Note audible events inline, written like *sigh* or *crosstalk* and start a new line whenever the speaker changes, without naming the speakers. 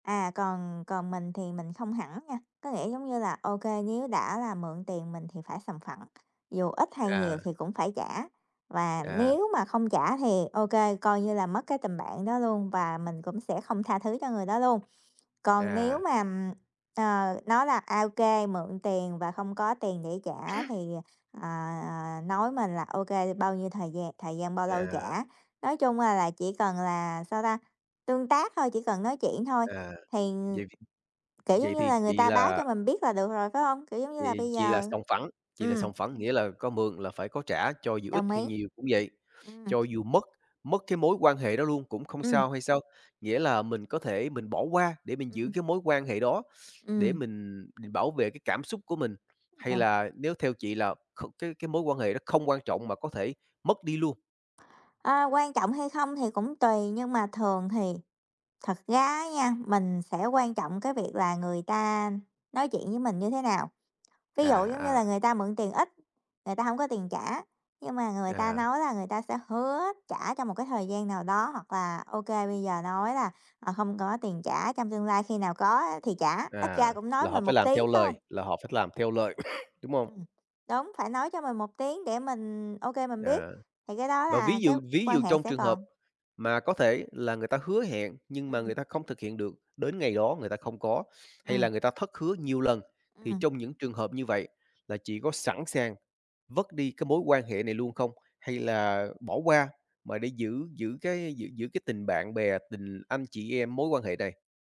À, còn còn mình thì mình không hẳn nha. Có nghĩa, giống như là, ô kê nếu đã là mượn tiền mình thì phải sòng phẳng, dù ít hay nhiều
À.
thì cũng phải trả và
À.
nếu mà không trả thì, ô kê, coi như là mất cái tình bạn đó luôn và mình cũng sẽ không tha thứ cho người đó luôn. Còn nếu
À.
mà, ờ, nói là, à, ô kê, mượn tiền và không có tiền để trả thì, à, à, à, nói mình là, ô kê, bao nhiêu thời gian, thời gian bao lâu
À.
trả. Nói chung, à, là chỉ cần là sao ta? Tương tác thôi, chỉ cần nói chuyện thôi,
À.
thì,
Vậy thì
kiểu giống
vậy
như
thì
là, người
vậy
ta báo
là
cho mình biết là được rồi, phải hông? Kiểu giống như là
vậy
bây
vậy là
giờ
sòng phẳng, vậy là
ừm.
sòng phẳng, nghĩa là có mượn là phải có trả cho dù ít
Đồng
hay
ý.
nhiều cũng vậy,
Ừm.
cho dù mất mất cái mối quan hệ đó luôn cũng không
Ừm.
sao hay sao? Nghĩa là mình có thể mình bỏ qua để mình giữ
Ừm.
cái mối quan hệ đó, *sucks teeth* để
Ừm.
mình mình bảo vệ cái cảm xúc của mình hay
Đồng
là nếu theo chị là kh cái cái mối quan hệ đó không quan trọng mà có thể mất đi luôn?
Ơ, quan trọng hay không thì cũng tùy, nhưng mà thường thì thật ra á nha, mình sẽ quan trọng cái việc là người ta nói chuyện với mình như thế nào. Ví dụ giống như
À, à.
là người ta mượn tiền ít, người ta hổng có tiền trả, nhưng mà người ta
À.
nói là người ta sẽ hứa trả trong một cái thời gian nào đó, hoặc là ô kê bây giờ nói là, à, không có tiền trả, trong tương lai khi nào có á thì trả, ít
À.
ra cũng nói
Là họ
mình
phải
một
làm
tiếng,
theo
phải
lời,
hông?
là họ phải làm theo lời, *coughs* đúng hông?
Ừm. Đúng, phải nói cho mình một tiếng để mình, ô kê, mình biết,
À.
thì cái đó
Và ví
là cái
dụ ví
quan
dụ
hệ
trong
sẽ
trường hợp
còn.
mà có thể là người ta hứa hẹn, nhưng mà
Ừm.
người ta không thực hiện được, đến ngày đó người ta không có, hay là
Ừm.
người ta thất hứa nhiều lần, thì
Ừm.
trong những trường hợp như vậy là chị có sẵn sàng vất đi cái mối quan hệ này luôn không, hay là bỏ qua mà để giữ giữ cái giữ giữ cái tình bạn bè, tình anh chị em mối quan hệ này?